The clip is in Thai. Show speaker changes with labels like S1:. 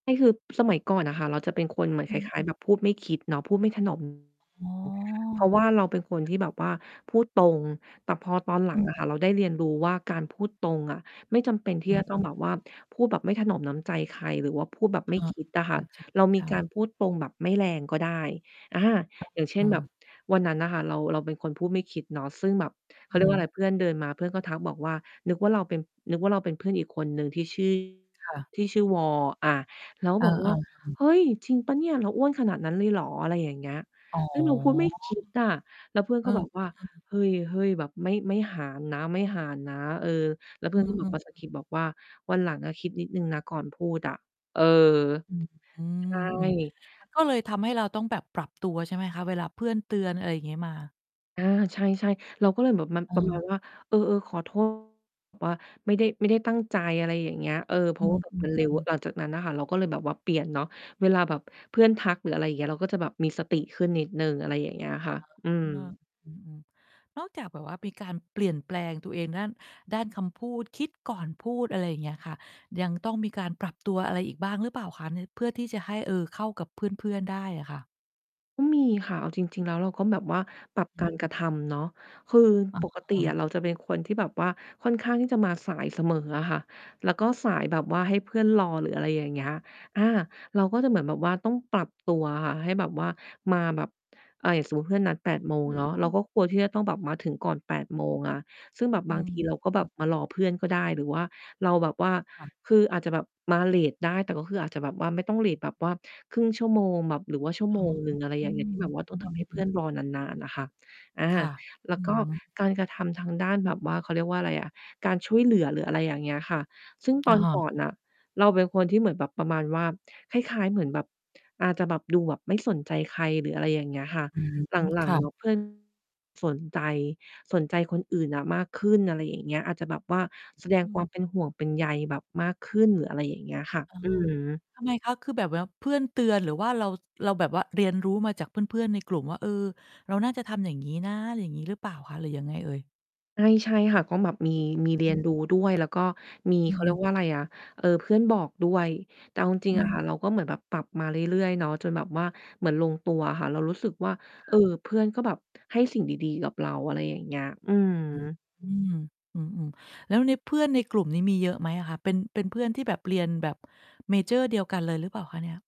S1: นี่คือสมัยก่อนน่ะค่ะ เราจะเป็นคนเหมือน
S2: อ
S1: ค
S2: ื
S1: ล้าย ๆ
S2: อ
S1: แ
S2: ๆ
S1: บบพูดไม่คิดเนาะ พูดไม่ ถนอม
S2: อ๋อ
S1: เพราะว่าเราเป็นคนที่แบบว่าพูดตรง แต่พอตอนหลั
S2: อ
S1: งอะค
S2: ือ
S1: ่ะ เราได้เรียนรู้ว่าการพูดตรงอะ ไม่จำเป็นท
S2: อ
S1: ี่
S2: ื
S1: จ
S2: อ
S1: ะต้
S2: ฮ
S1: อ
S2: ึ
S1: งแบบว่าพูดแบบไม่ถนอมน้ำใจใคร หรือว่าพูดแบบ
S2: อ
S1: ไ
S2: า
S1: ม่คิดอะค
S2: เอ
S1: ่ะ
S2: อ ใช่
S1: เราม
S2: ใช
S1: ีกา
S2: ่
S1: รพูดตรงแบบไม่แรงก็ได้ อา อย่างเช
S2: อ
S1: ่น
S2: ื
S1: แบ
S2: ม
S1: บ วันนั้นน่ะค่ะ เรา เราเป็นคนพูดไม่คิดเนาะ ซึ่งแบบ เข
S2: อ
S1: า
S2: ื
S1: เร
S2: อ
S1: ียก
S2: ฮ
S1: ว
S2: ึ
S1: ่าไร เพื่อนเดินมา เพื่อนก็ทักบอกว่า นึกว่าเราเป็น นึกว่าเราเป็นเพื่อนอีกคนหนึ่งที่ ชื่อ
S2: ค่ะ
S1: ที่ชื่อ ว. อา เราก็
S2: อา
S1: บอก ว่า
S2: ๆ อือ
S1: "เฮ้ย! จริงเปล่าเนี่ย เราอ้วนขนาดนั้นเลยเหรอ?" อะไรอย่างเงี้ย
S2: อ๋อ
S1: ซึ่งเราพูดไม่ คิด อะ แล้วเพื่อน
S2: อ
S1: ก
S2: ื
S1: ็
S2: อฮ
S1: บ
S2: ึ
S1: อกว่
S2: อ
S1: า
S2: ือ
S1: "เฮ้ย ๆ แบบไม่ ไม่หารนะ ไม่หารนะ" เออ แล้วเพ
S2: อ
S1: ื
S2: ื
S1: ่อน ก็แบบ
S2: อ
S1: มาสะก
S2: ๆ
S1: ิดบอกว่า "วันหลังอะคิดนิดหนึ่งนะ ก่อนพูดอะ" เออ
S2: อื้อฮือ
S1: ใช่
S2: อืม มัน ก็เลยทำให้เราต้องแบบปรับตัวใช่ไหมคะ? เวลาเพื่อนเตือน อะไรงี้มา
S1: อา ใช่ ๆ เราก็เลยแบบ มัน
S2: อ
S1: ประมาณ
S2: ืม
S1: ว่า "เออ ๆ ขอ โทษ แบบว่าไม่ได้ ไม่ได้ตั้งใจ" อะไรอย่างเงี้ย เออ เพ
S2: อ
S1: รา
S2: ื
S1: ะว่
S2: ม
S1: า แบ
S2: ๆ
S1: บ มัน
S2: อ
S1: เร็ว
S2: อืม
S1: หลังจากนั้นน่ะค่ะ เราก็เลยแบบว่าเปลี่ยนเนาะ เวลาแบบเพื่อนทัก หรืออะไรอย่างเงี้ย เราก็จะแบบมีสติขึ้นนิดหนึ่ง อะไรอย่างเงี้ยค่ะ อื
S2: อา
S1: ม
S2: อือ ๆ นอกจากแบบว่า มีการเปลี่ยนแปลงตัวเองด้าน ด้านคำพูด คิดก่อนพูด อะไรอย่างเงี้ยค่ะ ยังต้องมีการปรับตัวอะไรอีกบ้างหรือเปล่าคะ? ใน เพื่อที่จะให้ เออ เข้ากับเพื่อน ๆ ได้อะค่ะ
S1: มีค่ะ เอาจริง ๆ แล้วเราก็แบบว่าปรับ
S2: อื
S1: ก
S2: อ
S1: า
S2: ฮึ
S1: รกระทำเนาะ คือ
S2: อ
S1: ปกติอ
S2: า
S1: ะเราจะเป็นคนที่แบบว่า ค่อนข้างที่จะมาสายเสมออะค่ะ แล้วก็สายแบบว่าให้เพื่อนรอ หรืออะไรอย่างเงี้ย อา เราก็จะเหมือนแบบว่า ต้องปรับตัวอะค่ะให้แบบว่ามาแบบ อา อย่างสมมุติเพื่อนนัด 08:00 เนาะ
S2: อ๋อ
S1: เราก็ควรที่จะต้องแบบมาถึงก่อน 08:00 อะ ซึ่งแบบ
S2: อื
S1: บาง
S2: ม
S1: ทีเราก็แบ
S2: อื
S1: บ
S2: อ
S1: มารอเพื่อนก็ได้ หรือว่าเราแบบว่า
S2: ค่ะ
S1: คืออาจจะแบบมาเลตได้ แต่ก็คืออาจจะแบบว่า ไม่ต้องเลตแบบว่า 0.5 ชั่วโมง แบบ หรือว่าชั่ว
S2: อ๋
S1: โม
S2: อ
S1: งหนึ่ง อะไร
S2: อ
S1: อ
S2: ื
S1: ย่างเงี้ย
S2: ม
S1: ที่แบบว่าต้องทำให้เ
S2: อ
S1: พ
S2: ื
S1: ื่
S2: อ
S1: อ
S2: ๆ ๆ
S1: นรอนาน ๆ น่ะค่ะ อา
S2: ค่ะ
S1: แล้
S2: อื
S1: ว
S2: อ
S1: ก
S2: ฮ
S1: ็
S2: ึ
S1: การกระทำทางด้านแบบว่า เขาเรียกว่าไรอะ การช่วยเหลือ หรืออะไรอย่างเงี้ยค่ะ ซึ่งต
S2: อ
S1: อนก่
S2: า
S1: อนน่ะ เราเป็นคนที่เหมือนแบบประมาณว่า คล้าย ๆ เหมือนแบบ อาจจะแบบดูแบบไม่สนใจใคร หรืออะไรอย่างเงี้ยค่ะ
S2: อืม
S1: หลั
S2: ค
S1: ง
S2: ่
S1: ๆ
S2: ะ
S1: เนาะ เพื่อน สนใจ สนใจคนอื่นน่ะมากขึ้น อะไรอย่างเงี้ย อาจจะแบบว่า แสดง
S2: อื
S1: ควา
S2: ม
S1: มเป็นห่วงเป็นใยแบบมากขึ้น หรืออะไรอย่างเงี้ยค่ะ
S2: อ๋อ
S1: อือ
S2: ทำไมคะ? คือแบบว่า เพื่อนเตือนหรือว่าเรา เราแบบว่าเรียนรู้มาจากเพื่อน ๆ ในกลุ่มว่า เออ เราน่าจะทำอย่างงี้นะ ไรอย่างงี้หรือเปล่าคะ หรือยังไงเอ่ย?
S1: ใช่ ใช่ค่ะ ก็แบบมี มีเรี
S2: อื
S1: ยน
S2: อ
S1: รู้ด้วย แล้วก็มี
S2: อื
S1: เขาเรีย
S2: ม
S1: กว่าไรอะ เออ เพื่อนบอกด้วย แต่เอาจริ
S2: อ
S1: ง
S2: ื
S1: ๆ อะ
S2: ม
S1: ค่ะ เราก็เหมือนแบบปรับมาเรื่อย ๆ เนาะ จนแบบว่าเหมือนลงตัวค่ะ เรารู้สึกว่า
S2: ค
S1: เอ
S2: ่
S1: อ
S2: ะ
S1: เพื่อนก็แบบให้สิ่งดี ๆ กับเรา อะไรอย่างเงี้ย อื
S2: อื้อ
S1: อ
S2: ฮือ อือ ๆ แล้วใน เพื่อนในกลุ่มนี้มีเยอะไหมอะคะ? เป็น เป็นเพื่อนที่แบบเรียนแบบเมเจอร์เดียวกันเลยหรือเปล่าคะเนี่ย?